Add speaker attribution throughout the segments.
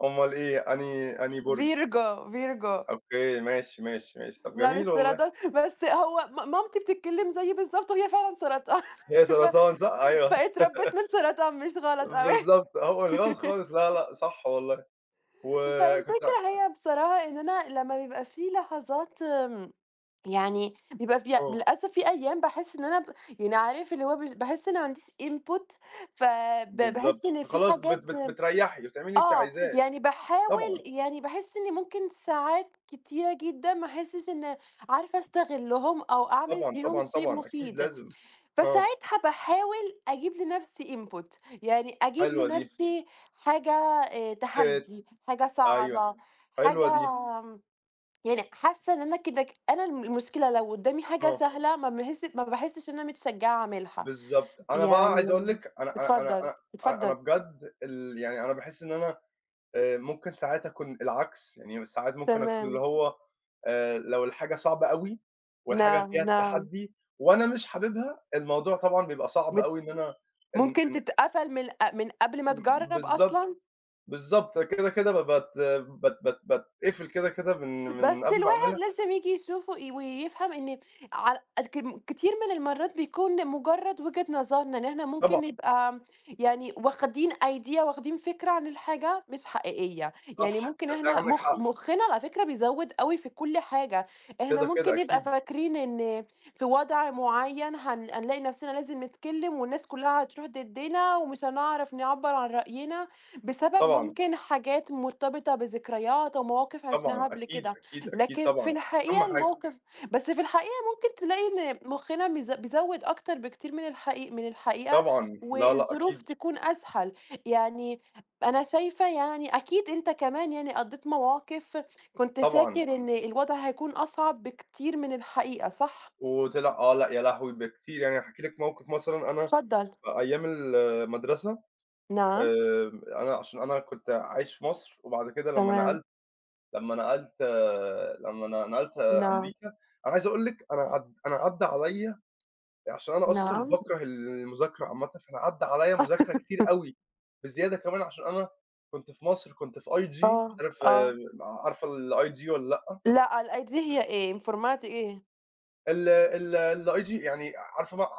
Speaker 1: أومال إيه؟ أنهي أنهي برج؟
Speaker 2: Virgo ،Virgo.
Speaker 1: أوكي، ماشي، ماشي، ماشي. طب
Speaker 2: لا مش
Speaker 1: جميل والله.
Speaker 2: سرطان، بس هو م مامتي بتتكلّم زيي بالضبط وهي فعلًا سرطان،
Speaker 1: هي
Speaker 2: ف
Speaker 1: سرطان صح؟ أيوه.
Speaker 2: فأتربّيت من سرطان مش غلط أوي.
Speaker 1: بالضبط، هو مش غلط خالص لا، لأ صح والله. وكنت ع
Speaker 2: فالفكرة هي بصراحة إن أنا لمّا بيبقى فيه لحظات آمم، يعني بيبقى فيها
Speaker 1: آه.
Speaker 2: للأسف في أيام باحس إن أنا ب يعني عارف اللي هو مش باحس إن ما عنديش input، فـب باحس
Speaker 1: بالضبط،
Speaker 2: إن في
Speaker 1: خلاص بت
Speaker 2: حاجات
Speaker 1: بت بتريّحي، بتعملي اللي أنتِ
Speaker 2: آه،
Speaker 1: عايزاه.
Speaker 2: يعني باحاول،
Speaker 1: طبعًا.
Speaker 2: يعني باحس إني ممكن ساعات كتيرة جدًا ما احسّش إن عارفة أستغلّهم، أو أعمل
Speaker 1: طبعًا،
Speaker 2: فيهم
Speaker 1: طبعًا،
Speaker 2: شي
Speaker 1: طبعًا أكيد
Speaker 2: مفيد،
Speaker 1: لازم. آه.
Speaker 2: فساعتها باحاول أجيب لنفْسي input، يعني أجيب
Speaker 1: حلوة دي.
Speaker 2: لنفْسي حاجة، آآ،
Speaker 1: ت
Speaker 2: تحدي، حاجة
Speaker 1: أيوه،
Speaker 2: صعبة، حاجة
Speaker 1: حلوة دي.
Speaker 2: آمم، يعني حاسّة إن أنا كده ك أنا المشكلة لو قدّامي حاجة
Speaker 1: آه.
Speaker 2: سهلة ما باحس ما باحسّش إن أنا متشجعة أعملها،
Speaker 1: بالضبط، أنا بقى عايز أقول
Speaker 2: يعني
Speaker 1: لِك، أنا أنا أنا
Speaker 2: اتفضّل،
Speaker 1: أنا أنا أنا
Speaker 2: اتفضّل.
Speaker 1: بجد ال يعني أنا باحس إن أنا آآ، ممكن ساعات أكون العكس، يعني ساعات ممكن أكون اللي
Speaker 2: تمام.
Speaker 1: هو، آآ لو الحاجة صعبة أوي، والحاجة فيها
Speaker 2: نعم، نعم.
Speaker 1: التحدي، وأنا مش حاببها، الموضوع طبعًا بيبقى صعب
Speaker 2: مت
Speaker 1: أوي إن أنا إن
Speaker 2: ممكن
Speaker 1: إن
Speaker 2: تتقفل من ق من قبل ما
Speaker 1: ب
Speaker 2: تجرّب
Speaker 1: بالضبط،
Speaker 2: أصلًا؟
Speaker 1: بالضبط، كده، كده ب بات بات بات بات باتقفل كده، كده، من
Speaker 2: بس
Speaker 1: من قبل ما
Speaker 2: الواحد
Speaker 1: أعملها.
Speaker 2: لازم ييجي يشوف و ويفهم إن ع الكم كتير من المَرّات بيكون لمجرّد وجهة نظرنا، إن إحنا ممكن
Speaker 1: طبعًا.
Speaker 2: نبقى يعني واخدين idea، واخدين فكرة عن الحاجة مش حقيقية، يعني
Speaker 1: صح،
Speaker 2: ممكن
Speaker 1: تصدّقي
Speaker 2: إحنا
Speaker 1: عندِك
Speaker 2: مخ
Speaker 1: حق.
Speaker 2: مخّنا على فكرة بيزوّد أوي في كلّ حاجة، إحنا
Speaker 1: كده،
Speaker 2: ممكن
Speaker 1: كده،
Speaker 2: نبقى
Speaker 1: أكيد.
Speaker 2: فاكرين إن في وضع معيّن هن هنلاقي نفْسنا لازم نتكلّم والناس كلّها هتروح ضدّنا، ومش هنعرف نعبّر عن رأينا، بسبب
Speaker 1: طبعًا.
Speaker 2: ممكن حاجات مرتبطة بذكريات أو مواقف عشناها
Speaker 1: طبعًا
Speaker 2: قبل
Speaker 1: أكيد،
Speaker 2: كده،
Speaker 1: أكيد، أكيد
Speaker 2: لكن في
Speaker 1: طبعًا. أهم
Speaker 2: الحقيقة
Speaker 1: حاجة.
Speaker 2: الموقف بس في الحقيقة ممكن تلاقي إن مخنا بيز بيزوّد أكتر بكتير من الحقي من الحقيقة،
Speaker 1: طبعًا، لا، لأ
Speaker 2: والظروف
Speaker 1: أكيد.
Speaker 2: تكون أسهل، يعني أنا شايفة يعني أكيد أنت كمان يعني قضّيت مواقف كنت فاكر
Speaker 1: طبعًا.
Speaker 2: إن الوضع هيكون أصعب بكتير من الحقيقة، صح؟
Speaker 1: وطِلِع، آه، لأ يا لهوي! بكتير، يعني هاحكي لِك موقف مثلًا أنا
Speaker 2: اتفضّل.
Speaker 1: في أيام المدرسة،
Speaker 2: نعم.
Speaker 1: آآ أنا عشان أنا كنت عايش في مصر وبعد كده لمّا
Speaker 2: تمام.
Speaker 1: نقلت لمّا نقلت آآ، لمّا أنا ن نقلت
Speaker 2: نعم.
Speaker 1: أمريكا، أنا عايز أقول لِك أنا عد أنا عدّى عليَِّ عشان أنا أصلًا
Speaker 2: نعم.
Speaker 1: باكره ال المذاكرة عامةً، فأنا عدّى عليَّ مذاكرة كتير أوي، بزيادة كمان عشان أنا كنت في مصر كنت في IG، مش
Speaker 2: آه،
Speaker 1: عارف
Speaker 2: آه.
Speaker 1: آآ، عارفة الIG والَّا لأ؟
Speaker 2: لأ الIG هي إيه؟ الformat إيه؟
Speaker 1: ال ال الIG يعني ع عارفة ب ع ع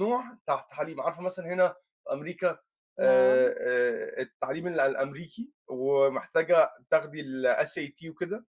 Speaker 1: نوع تع تعليم، عارفة مثلًا هنا في أمريكا، آآ
Speaker 2: نعم.
Speaker 1: آآ التعليم ال الأمريكي، ومحتاجة تاخدي الSAT وكده؟